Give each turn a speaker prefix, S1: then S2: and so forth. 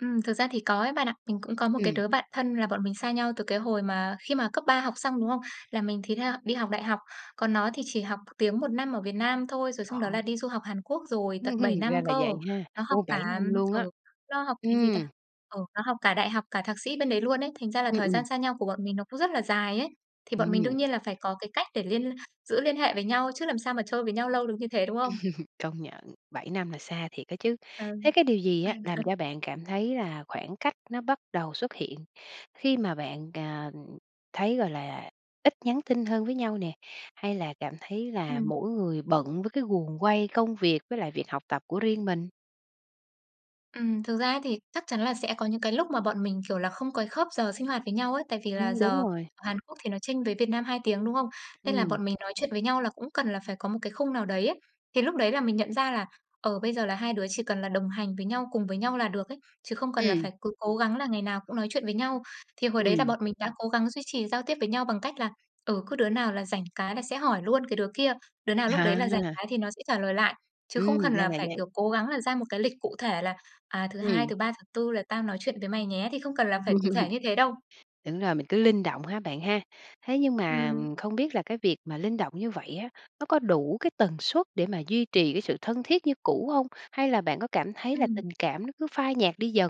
S1: Ừm, thực ra thì có ấy bạn ạ. Mình cũng có một cái
S2: Ừm.
S1: đứa bạn thân là bọn mình xa nhau từ cái hồi mà khi mà cấp 3 học xong, đúng không? Là mình thì theo đi học đại học. Còn nó thì chỉ học tiếng 1 năm ở Việt Nam thôi, rồi xong đó là
S2: Đó.
S1: đi du học Hàn Quốc rồi, tận 7 năm
S2: Ra là
S1: cơ.
S2: vậy ha,
S1: Nó học
S2: ô, 7
S1: cả
S2: năm luôn á.
S1: ừ, nó học cái gì
S2: Ừm.
S1: ta, ừ, nó học cả đại học, cả thạc sĩ bên đấy luôn ấy, thành ra là
S2: Ừm,
S1: thời
S2: ừm.
S1: gian xa nhau của bọn mình nó cũng rất là dài ấy. Thì bọn mình đương
S2: Ừm.
S1: nhiên là phải có cái cách để liên giữ liên hệ với nhau chứ làm sao mà chơi với nhau lâu được như thế, đúng không?
S2: Công nhận, 7 năm là xa thiệt đó chứ. Thế
S1: Ừm.
S2: cái điều gì á làm cho bạn cảm thấy là khoảng cách nó bắt đầu xuất hiện khi mà bạn, à, thấy, gọi là, ít nhắn tin hơn với nhau nè, hay là cảm thấy là
S1: Ừm.
S2: mỗi người bận với cái guồng quay công việc, với lại việc học tập của riêng mình?
S1: Ừm, thực ra á thì chắc chắn là sẽ có những cái lúc mà bọn mình, kiểu là, không có cái khớp giờ sinh hoạt với nhau ấy. Tại vì là
S2: Ừm,
S1: giờ
S2: đúng rồi.
S1: ở Hàn Quốc thì nó chênh với Việt Nam 2 tiếng, đúng không? Nên là
S2: Ừm.
S1: bọn mình nói chuyện với nhau là cũng cần là phải có một cái khung nào đấy ấy. Thì lúc đấy là mình nhận ra là, ờ, bây giờ là hai đứa chỉ cần là đồng hành với nhau, cùng với nhau là được ấy, chứ không cần là
S2: Ừm.
S1: phải cứ cố gắng là ngày nào cũng nói chuyện với nhau. Thì hồi đấy là
S2: Ừm.
S1: bọn mình đã cố gắng duy trì giao tiếp với nhau bằng cách là, ừ, cứ đứa nào là rảnh cái là sẽ hỏi luôn cái đứa kia, đứa nào lúc đấy là rảnh
S2: À!
S1: cái thì nó sẽ trả lời lại. Chứ không
S2: Ừm,
S1: cần
S2: ra
S1: là
S2: là
S1: phải,
S2: vậy.
S1: kiểu, cố gắng là ra một cái lịch cụ thể là "À, thứ Hai,
S2: Ừm.
S1: thứ Ba, thứ Tư là tao nói chuyện với mày nhé!" Thì không cần là phải cụ thể như thế đâu.
S2: Đúng rồi mình cứ linh động ha bạn ha. Thế nhưng mà
S1: Ừm.
S2: không biết là cái việc mà linh động như vậy á, nó có đủ cái tần suất để mà duy trì cái sự thân thiết như cũ hông? Hay là bạn có cảm thấy là
S1: Ừm.
S2: tình cảm nó cứ phai nhạt đi dần?